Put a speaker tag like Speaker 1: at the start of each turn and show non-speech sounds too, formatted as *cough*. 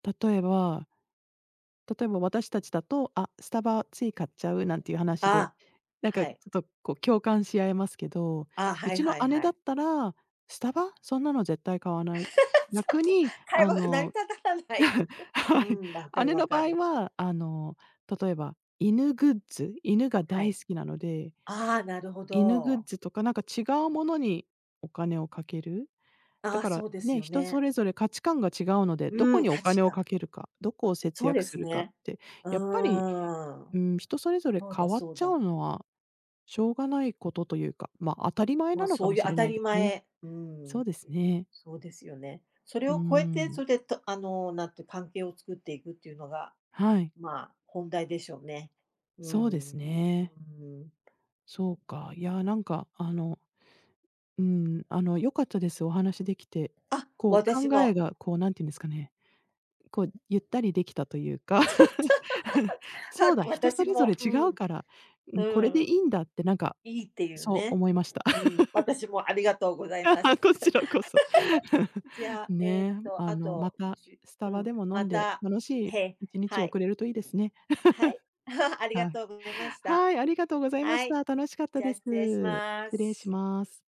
Speaker 1: 例えば例えば私たちだと、あ、スタバつい買っちゃうなんていう話で、
Speaker 2: あ、
Speaker 1: なんか
Speaker 2: は
Speaker 1: ちょ
Speaker 2: い。
Speaker 1: っと、こう、共感し合えますけど、
Speaker 2: あ、
Speaker 1: う
Speaker 2: はい
Speaker 1: ちの
Speaker 2: はい
Speaker 1: 姉
Speaker 2: は
Speaker 1: だっ
Speaker 2: い。
Speaker 1: たら「スタバ、そんなの絶対買わ
Speaker 2: *laughs* ちょっ
Speaker 1: ない」やく
Speaker 2: と、
Speaker 1: に、
Speaker 2: 会
Speaker 1: あ
Speaker 2: 話が成り
Speaker 1: の
Speaker 2: 立たたんないよね。
Speaker 1: *chuckles* は
Speaker 2: う
Speaker 1: い。
Speaker 2: ん、分かる
Speaker 1: 姉の
Speaker 2: 分か
Speaker 1: 場合
Speaker 2: る。
Speaker 1: はあの、例えば犬グッズ、犬が
Speaker 2: は
Speaker 1: 大
Speaker 2: い。
Speaker 1: 好きなので、
Speaker 2: ああ、なるほ
Speaker 1: 犬グッ
Speaker 2: ど。
Speaker 1: ズとかなんか違うものにお金をかける。
Speaker 2: あ
Speaker 1: だ
Speaker 2: あ、
Speaker 1: から、
Speaker 2: そうです
Speaker 1: ね、
Speaker 2: よ
Speaker 1: 人そ
Speaker 2: ね。
Speaker 1: れぞれ価値観が違うので、どこ
Speaker 2: うん、
Speaker 1: にお
Speaker 2: 価
Speaker 1: 金
Speaker 2: 値
Speaker 1: をか
Speaker 2: 観。
Speaker 1: けるか、どこを節
Speaker 2: そう
Speaker 1: 約
Speaker 2: で
Speaker 1: す
Speaker 2: す
Speaker 1: るかっ
Speaker 2: ね。
Speaker 1: て、
Speaker 2: う
Speaker 1: やっぱり、
Speaker 2: ー
Speaker 1: う
Speaker 2: ん。
Speaker 1: ーん、人それぞれ
Speaker 2: そう
Speaker 1: 変
Speaker 2: だ
Speaker 1: わっ
Speaker 2: そう
Speaker 1: ちゃう
Speaker 2: だ。
Speaker 1: のは、しょうがないことというか、まあ、当たり前
Speaker 2: ま
Speaker 1: な
Speaker 2: あ、
Speaker 1: のか
Speaker 2: そう
Speaker 1: も
Speaker 2: いう
Speaker 1: し
Speaker 2: 当
Speaker 1: れ
Speaker 2: た
Speaker 1: ない
Speaker 2: り
Speaker 1: でね。
Speaker 2: 前う
Speaker 1: そう
Speaker 2: ん、
Speaker 1: ですね。
Speaker 2: そうですよね。それ
Speaker 1: うー
Speaker 2: を超えて、
Speaker 1: ん。
Speaker 2: そで、と、あの、なんて関係を作っていくっていうのが、
Speaker 1: はい。
Speaker 2: まあ、本題でしょうね。う
Speaker 1: そうです
Speaker 2: ん、う
Speaker 1: ね。
Speaker 2: ん。
Speaker 1: そうか、いやなんかあの、うん、あの、良かったです、お話しできて。
Speaker 2: あ、
Speaker 1: こ
Speaker 2: 私
Speaker 1: う、考え
Speaker 2: も。
Speaker 1: がこう、何て言うんですかね、こう、ゆったりできたというか。
Speaker 2: そう。
Speaker 1: *chuckles*
Speaker 2: *laughs*
Speaker 1: そう
Speaker 2: は、
Speaker 1: だ、人そ
Speaker 2: 私
Speaker 1: れぞ
Speaker 2: も。
Speaker 1: れ
Speaker 2: う
Speaker 1: 違う
Speaker 2: ん。
Speaker 1: から、う
Speaker 2: う
Speaker 1: ん、これで
Speaker 2: ん。
Speaker 1: 良いんだってなんか、
Speaker 2: いいっていう
Speaker 1: そう
Speaker 2: ね。
Speaker 1: 思いました。
Speaker 2: うん、
Speaker 1: *chuckles*
Speaker 2: 私もありがとうござい
Speaker 1: あ、
Speaker 2: ま
Speaker 1: は、
Speaker 2: す。
Speaker 1: こちらこそ。*chuckles*
Speaker 2: *laughs* じゃ、ええ
Speaker 1: ね、
Speaker 2: と、
Speaker 1: あ
Speaker 2: あ
Speaker 1: の、ま
Speaker 2: と、
Speaker 1: た、
Speaker 2: じゅ
Speaker 1: スタ
Speaker 2: う
Speaker 1: バ
Speaker 2: ん、
Speaker 1: でも飲
Speaker 2: ま
Speaker 1: んで、
Speaker 2: た、
Speaker 1: 楽しい
Speaker 2: へ
Speaker 1: 一日
Speaker 2: はい。
Speaker 1: 送れるといいですね。
Speaker 2: はい。
Speaker 1: *chuckles*
Speaker 2: *laughs* ありが
Speaker 1: はい。
Speaker 2: とうございました。
Speaker 1: はい、ありがとうございま
Speaker 2: は
Speaker 1: し
Speaker 2: い。
Speaker 1: た。楽しかった
Speaker 2: じゃあ、
Speaker 1: です。
Speaker 2: 失礼しま
Speaker 1: 失礼し
Speaker 2: す。
Speaker 1: ます。